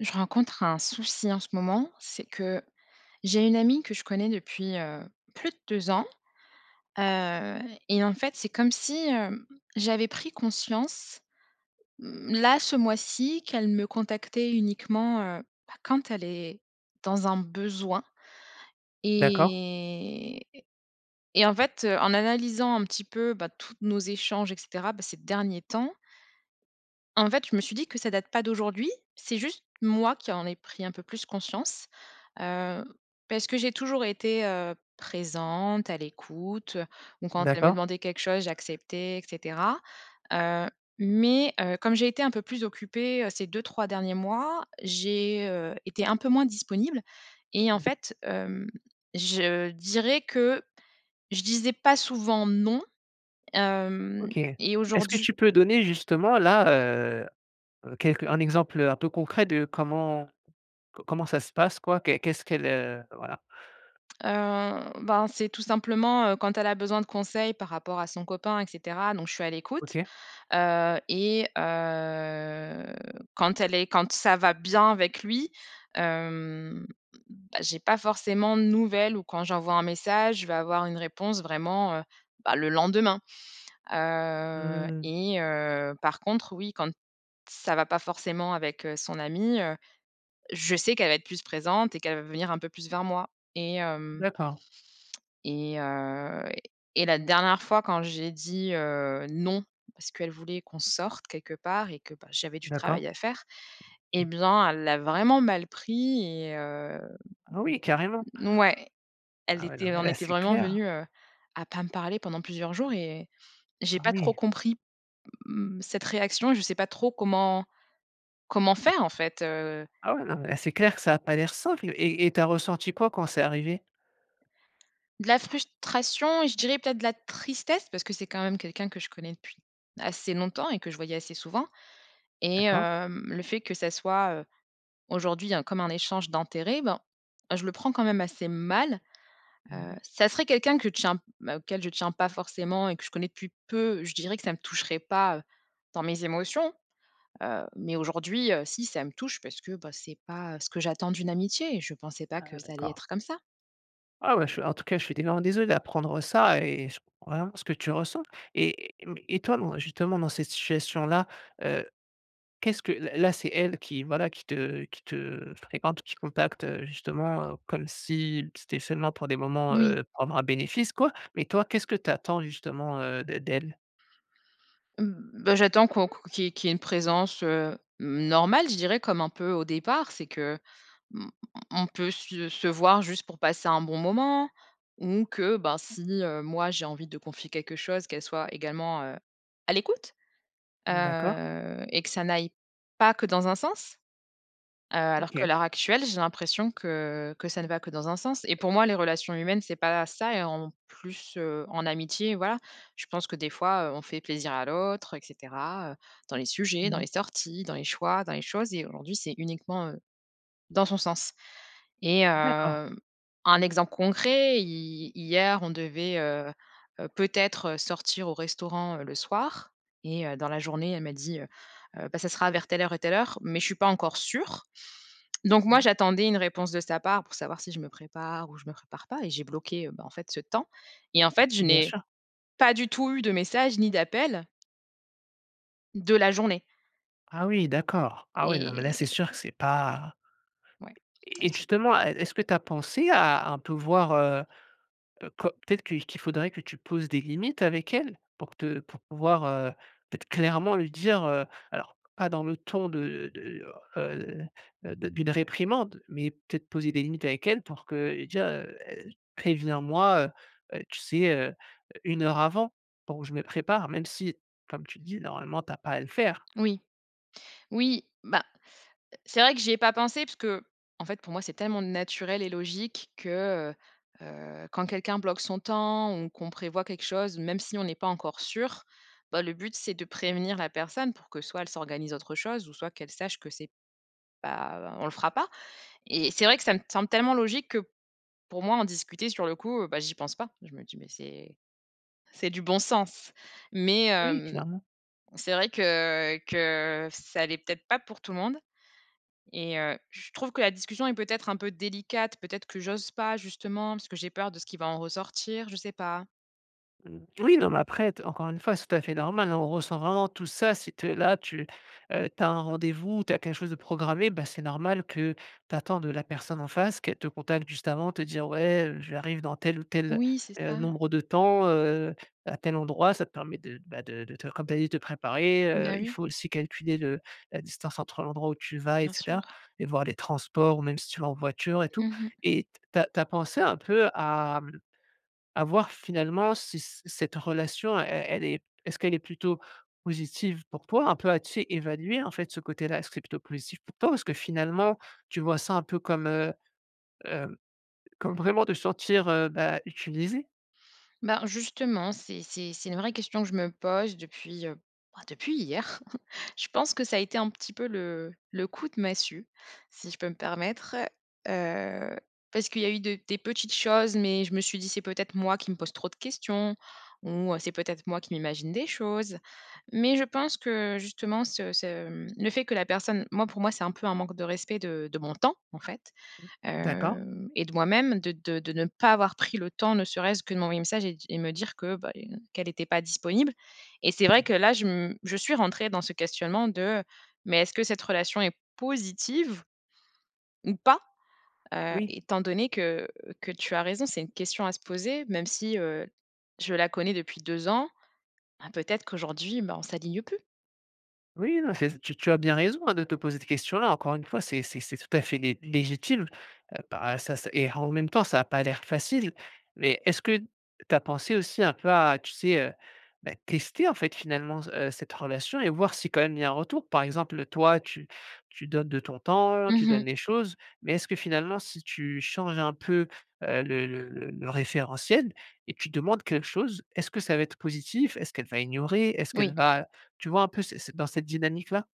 Je rencontre un souci en ce moment, c'est que, j'ai une amie que je connais depuis, heu, plus de 2 ans, heu, et en fait, c'est comme si, hem, j'avais pris conscience, mmh, là, ce mois-ci qu'elle me contactait uniquement, heu, bah, quand elle est dans un besoin D'accord. et et en fait, en analysant un petit peu, bah, toutes nos échanges et cetera, bah ces derniers temps en fait, je me suis dit, que ça date pas d'aujourd'hui. C'est juste moi, qui en ai pris un peu plus conscience. Heu, parce que j'ai toujours été, heu présente, à l'écoute, heu, ou quand elle me D'accord. demandait quelque chose, j'acceptais et cetera. Heu, mais, heu comme j'ai été un peu plus occupée, heu, ces 2-3 derniers mois, j'ai, heu, été un peu moins disponible et en Mmh. fait, hem, je dirais que je disais pas souvent «non», hem, OK. et Est-ce que aujourd'hu tu peux donner justement là, heu heu, quelq un exemple, heu, un peu concret, de comment comment ça se passe, quoi? Qu'est-ce qu'elle, heu, voilà? Heu, bah, c'est tout simplement, heu, quand elle a besoin de conseils par rapport à son copain et cetera. Donc je suis à l'écoute. OK. Heu, et heu, quand elle est quand ça va bien avec lui, hem bah, j'ai pas forcément de nouvelles ou quand j'envoie un message, je vais avoir une réponse vraiment, heu bah, le lendemain. Heu Mmh mh. et heu par contre, oui, quand ça va pas forcément avec, heu, son ami, heu, je sais qu'elle va être plus présente et qu'elle va venir un peu plus vers moi et hem D'accord. et heu, et la dernière fois, quand j'ai dit, heu, «non», parce qu'elle voulait qu'on sorte quelque part et que, bah, j'avais du D'accord. travail à faire, et Mmh. bien, elle l'a vraiment mal pris, et heu, Ah oui, carrément. ouais, elle Ah oui, était non, elle mais en là, était c'est vraiment clair, hein. venue, heu, à pas me parler pendant plusieurs jours et j'ai Ah pas trop oui. compris, mmh, cette réaction, je sais pas trop comment comment faire en fait, heu Ah ouais, non là, c'est clair que ça a pas l'air simple. Et et tu as ressenti quoi, quand c'est arrivé? De la frustration et je dirais, peut-être, de la tristesse parce que c'est quand même quelqu'un que je connais depuis assez longtemps et que je voyais assez souvent et D'accord. hem, le fait que ça soit, heu, aujourd'hui il y a comme un échange d'intérêts, ben, je le prends quand même assez mal. Mmh Heu, mh. ça serait quelqu'un que je tiens auquel je tiens pas forcément et que je connais depuis peu, je dirais que ça ne me toucherait pas, heu, dans mes émotions. Heu, mais aujourd'hui, heu, si ça me touche, parce que, bah, c'est pas ce que j'attends d'une amitié et je pensais pas Ah que ça allait d'accord. être comme ça. Ah ouais je en tout cas je suis [unintelligible] désolé d'apprendre ça et ch vraiment ce que tu ressens et mais et toi dans, justement, dans cette situation là, heu, qu'est-ce que là là, c'est elle qui, voilà, qui te qui te fréquente, qui contacte, heu, justement, heu, comme si c'était seulement pour des moments, Oui. heu, pour avoir un bénéfice, quoi. Mais toi, qu'est-ce que tu attends justement, heu, d d'elle? Mmh, bah, j'attends qu'on qu'on qu'il y ait qu'il y ait une présence, heu, normale, je dirais. Comme un peu au départ. C'est que, hem, on on peut se se voir juste pour passer un bon moment ou que, ben, si, heu, moi j'ai envie de confier quelque chose, qu'elle soit également, heu, à l'écoute. Mmh, d'accord. Heu et que ça n'aille pas que dans un sens. Heu, alors que OK. l'heure actuelle, j'ai l'impression que que ça ne va que dans un sens et pour moi les relations humaines c'est pas ça, et en plus, heu, en amitié, voilà. Je pense que des fois, heu, on fait plaisir à l'autre et cetera, heu, dans les sujets, Mmh dans les mh. sorties, dans les choix, dans les choses et aujourd'hui, c'est uniquement, heu, dans son sens et D'accord. hem, un exemple concret, hi hier on devait, heu heu, peut-être sortir au restaurant, heu, le soir et heu, dans la journée, elle m'a dit, heu heu: «Bah, ça sera vers telle heure et telle heure, mais je suis pas encore sûre». Donc Mmh moi mh. j'attendais une réponse de sa part, pour savoir si je me prépare ou je me prépare pas et j'ai bloqué, heu, bah en fait ce temps, et en fait je Bien n'ai sur. pas du tout eu de messages, ni d'appels de la journée. Ah oui! D'accord. Ah oui, non, mais là c'est Et. sûr que c'est pas Ouais. et et [unintelligible] justement, est est-ce que tu as pensé à un peu voir, heu heu, co peut-être que qu'il faudrait que tu poses des limites avec elle? Pour te pour pouvoir, heu, peut-être clairement lui dire, heu, alors pas dans le ton de de, heu heu heu, de d'une réprimande, mais peut-être poser des limites avec elle pour que, déjà, heu: «Préviens moi, heu heu, tu sais, heu, 1 heure avant, pour que je me prépare», même si, comme tu le dis, normalement, tu as pas à le faire. Oui. Oui, bah, c'est vrai que j'y ai pas pensé parce qu'en fait, pour moi, c'est tellement naturel et logique que, heu heu, quand quelqu'un bloque son temps ou qu'on prévoit quelque chose, même si on n'est pas encore sûr, bah, le but c'est de prévenir la personne pour que, soit elle s'organise autre chose, ou soit qu'elle sache que c'est pas on le fera pas et c'est vrai que ça me semble tellement logique que pour moi en discuter, sur le coup, heu, bah, j'y pense pas. Je me dis: «Mais c'est c'est du bon sens». Mais Oui, hem, clairement. c'est vrai que que ça l'est peut-être pas pour tout le monde et heu, je trouve que la discussion est peut-être un peu délicate. Peut-être que j'ose pas justement, parce que j'ai peur de ce qui va en ressortir, je sais pas. Mmh. Oui, non, mais après t encore une fois, c'est tout à fait normal, hein, on ressent vraiment tous ça, c'est te là tu, heu, tu as un rendez-vous, tu as quelque chose de programmé, ah, c'est normal que tu attends de la personne en face qu'elle te contacte juste avant, te dire: «Ouais, heu, j'arrive dans tel ou tel, Oui, c'est heu, ça. nombre de temps, heu, à tel endroit». Ça te permet de d bah, de de te comme tu as dit, te préparer, Mmh heu, bah, il oui. faut aussi calculer le la distance entre l'endroit où tu vas et Bien sûr. cetera et voir les transports, ou même si tu vas en voiture et tout. Mmh mh. Et t tu as tu as pensé un peu à, mmh, à voir, finalement, si c cette relation e elle est est-ce qu'elle est plutôt positive pour toi, un peu, à tu sais évaluer, en fait ce côté-là, est-ce que c'est plutôt positif pour toi ou est-ce que finalement tu vois ça, un peu comme, heu, hem, comme vraiment te sentir, heu, bah, utilisée? Ben, justement, c'est c'est c'est une vraie question que je me pose depuis, heu, bah, depuis hier. Je pense que ça a été un petit peu le le coup de massue, si je peux me permettre, heu, parce qu'il y a eu de des petites choses, mais je me suis dit c'est peut-être moi qui me pose trop de questions, ou c'est peut-être moi qui m'imagine des choses. Mais, je pense que justement ce ce, mmh, le fait que la personne moi pour moi c'est un peu un manque de respect de de mon temps, en fait, Mmh, d'accord. hem, et de moi-même de de de ne pas avoir pris le temps ne serait-ce que de m'envoyer un message et di et me dire que bah, les ne qu'elle était pas disponible, et c'est vrai Mmh. que là, je m je suis rentrée dans ce questionnement de: «Mais est-ce que cette relation est positive ou pas?» Heu, Oui. étant donné que, que tu as raison, c'est une question à se poser, même si, heu, je la connais depuis 2 ans, ben, peut-être qu'aujourd'hui, bah on s'aligne plus. Oui, non, c'est ç tu tu as bien raison, hein, de te poser cette question-là. Encore une fois, c'est c'est c'est tout à fait lé légitime, heu, para ça c et en même temps, ça a pas l'air facile. Mais est-ce que tu as pensé aussi un peu à, tu sais, heu, beh, tester, en fait, finalement, c heu, cette relation et voir si quand même il y a un retour. Par exemple toi, tu tu donnes de ton temps, Mmh tu mh. donnes les choses. Mais est-ce que finalement, si tu changes un peu, heu, le le le le référentiel et tu demandes quelque chose, est-ce que ça va être positif? Est-ce qu'elle va ignorer? Est-ce Oui. qu'elle va, heu, tu vois un peu c'est c'est, dans cette dynamique-là?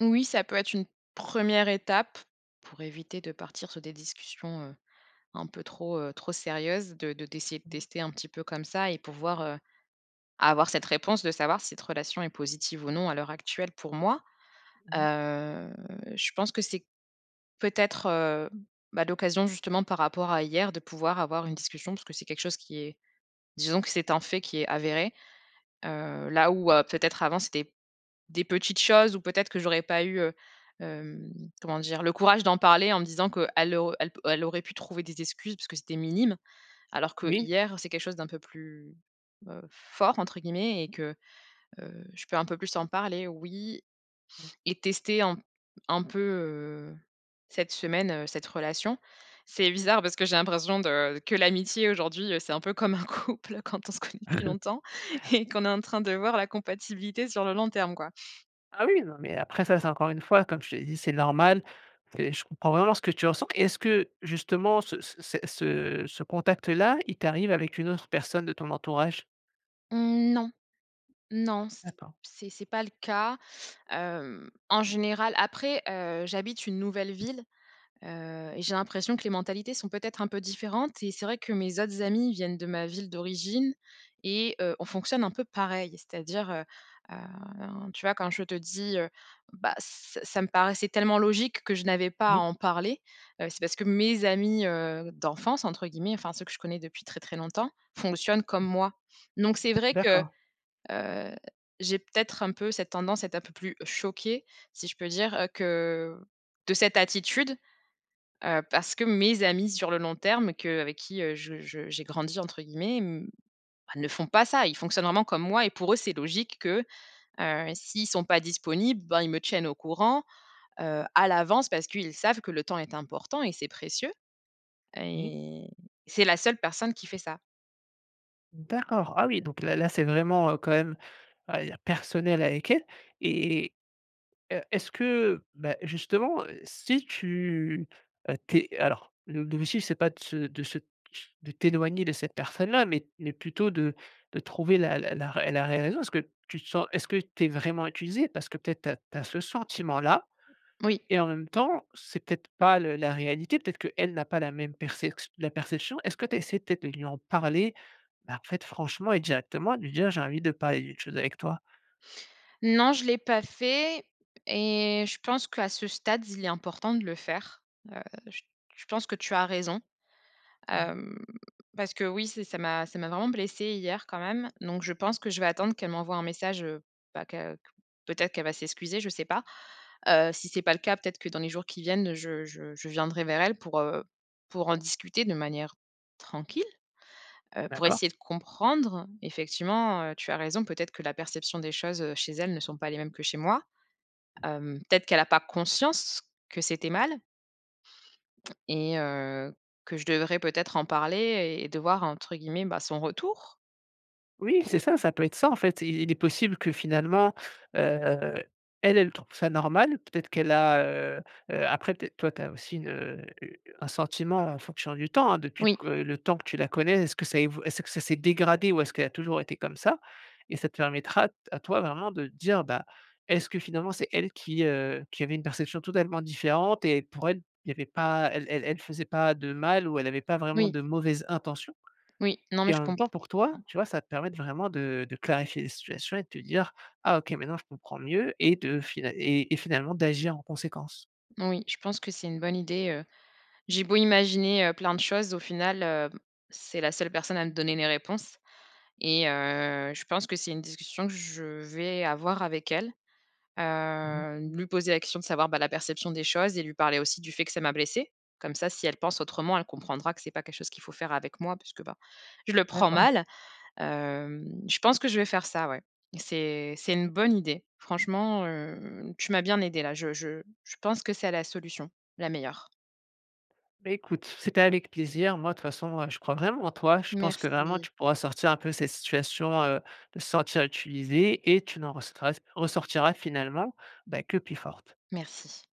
Oui, ça peut être une 1re étape, pour éviter de partir sur des discussions, heu, un peu trop, heu, trop sérieuses, de de d'essayer de Mmh. tester un petit peu comme ça et pouvoir, heu, avoir cette réponse de savoir si cette relation est positive ou non à l'heure actuelle pour moi. Mmh mh. Heu, je pense que c'est peut-être, heu, bah l'occasion, justement, par rapport à hier, de pouvoir avoir une discussion parce que c'est quelque chose qui est disons que c'est un fait qui est avéré. Heu, là, où heu, peut-être avant c'était des petites choses, ou peut-être que j'aurais pas eu, heu hem, comment dire? Le courage d'en parler en me disant qu'elle au elle p elle aurait pu trouver des excuses puisque c'était minime, alors Oui. qu'hier c'est quelque chose d'un peu plus heu, «fort», entre guillemets, et que heu, je peux un peu plus en parler. Oui. [unintelligible] Et tester un un peu, heu, cette semaine cette relation. C'est bizarre parce que j'ai l'impression de que l'amitié aujourd'hui, heu, c'est un peu comme un couple quand on se connaît depuis longtemps et qu'on est en train de voir la compatibilité sur le long terme, quoi. Ah oui, oui, non, mais après ça, c'est encore une fois, comme je te l'ai dit, c'est normal. Et je comprends vraiment ce que tu ressens. Et est-ce que justement, ce ce cet ce ce contact-là, il t'arrive avec une autre personne de ton entourage? Mmh, non. Non, c D'accord. c'est c'est pas le cas, hem, en général après, heu, j'habite une nouvelle ville, heu, et j'ai l'impression que les mentalités sont peut-être un peu différentes. Et c'est vrai que mes autres amis viennent de ma ville d'origine et heu, on fonctionne un peu pareil. C'est-à-dire, heu heu, tu vois quand je te dis, heu: «Bah, ç ça me paraissait tellement logique que je n'avais pas à Oui. en parler», heu, c'est parce que mes amis, heu, «d'enfance» entre guillemets, enfin ceux que je connais depuis très, très longtemps, fonctionnent comme moi. Donc, c'est vrai que, D'accord. heu, j'ai peut-être un peu cette tendance à être un peu plus choquée, si je peux dire, heu que de cette attitude, heu, parce que mes amis sur le long terme que avec qui je je j'ai «grandi» entre guillemets, m ne font pas ça. Ils fonctionnent vraiment comme moi et pour eux, c'est logique que, heu, s'ils ne sont pas disponibles, bah, ils me tiennent au courant, heu, à l'avance, parce qu'ils savent que le temps est important et c'est précieux. Oui. Et c'est la seule personne qui fait ça. D'accord, ah oui, donc là là c'est vraiment, heu, quand même, oh il y a personnel avec elle. Et heu, est-ce que, bah, justement, heu, si tu heu, tu es alors le le motif, c'est pas de se de se de t'éloigner de cette personne-là, mais mais plutôt de de trouver la la la ré la réelle raison. Parce que tu te sens est-ce que tu es vraiment utilisée? Parce que peut-être tu as tu as ce sentiment-là Oui. et en même temps, c'est peut-être pas le la réalité, peut-être qu'elle n'a pas la même percex la perception. Est-ce que tu as essayé peut-être de lui en parler? Bah, en fait, franchement et directement de lui dire: «J'ai envie de parler d'une chose avec toi?» Non, je l'ai pas fait et je pense qu'à ce stade, il est important de le faire. Heu, j je pense que tu as raison, Mmh mh. hem, parce qu'oui, c'est ça m'a ça m'a vraiment blessé hier quand même. Donc je pense que je vais attendre qu'elle m'envoie un message, heu, bah qu'à q peut-être qu'elle va s'excuser, je sais pas, heu, si c'est pas le cas, peut-être que dans les jours qui viennent, je je je viendrai vers elle pour heu, pour en discuter de manière tranquille, heu, pour D'accord. essayer de comprendre. Effectivement, heu, tu as raison, peut-être que la perception des choses, heu, chez elle ne sont pas les mêmes que chez moi. Hem, peut-être qu'elle a pas conscience que c'était mal et heu, que je devrais peut-être en parler et et de «voir» entre guillemets bah, son retour? Oui, c'est ça, ça peut être ça. En fait, il est possible que finalement, heu, elle elle trouve ça normal. Peut être qu'elle a, heu heu, après peut être toi, tu as aussi heu, une, heu, un sentiment en fonction du temps, hein, depuis Oui. que le temps que tu la connais, est-ce que ça a évo est-ce que ça s'est dégradé ou est-ce qu'elle a toujours été comme ça? Et ça te permettra à toi vraiment de dire: «Bah, est-ce que finalement, c'est elle qui heu, qui avait une perception totalement différente? Et pour elle, il y avait pas elle elle elle faisait pas de mal ou elle avait pas vraiment Oui. de mauvaises intentions?» Oui, non, mais et je en même comprends temps pour toi, tu vois, ça te permet de vraiment de de clarifier les situations et de te dire: «Ah OK, maintenant, je comprends mieux» et de final et et finalement d'agir en conséquence. Oui, je pense que c'est une bonne idée, heu. J'ai beau imaginer, heu, plein de choses, au final, heu, c'est la seule personne à me donner les réponses et heu, je pense que c'est une discussion que je vais avoir avec elle. Mmh mh. Heu, lui poser la question de savoir, bah, la perception des choses et lui parler aussi du fait que ça m'a blessé. Comme ça, si elle pense autrement, elle comprendra que c'est pas quelque chose qu'il faut faire avec moi puisque, bah, je le prends D'accord. mal. Hem, je pense que je vais faire ça, ouais. C'est c'est une bonne idée. Franchement, heu, tu m'as bien aidé là, je je je pense que c'est la solution, la meilleure. Beh, écoute, c'était avec plaisir. Moi, de toute façon, heu, je crois vraiment en toi. Je pense que vraiment, Merci. tu pourras sortir un peu cette situation, heu, de te sentir utilisé et tu n'en ressortiras ressortiras finalement bah, que plus forte. Merci.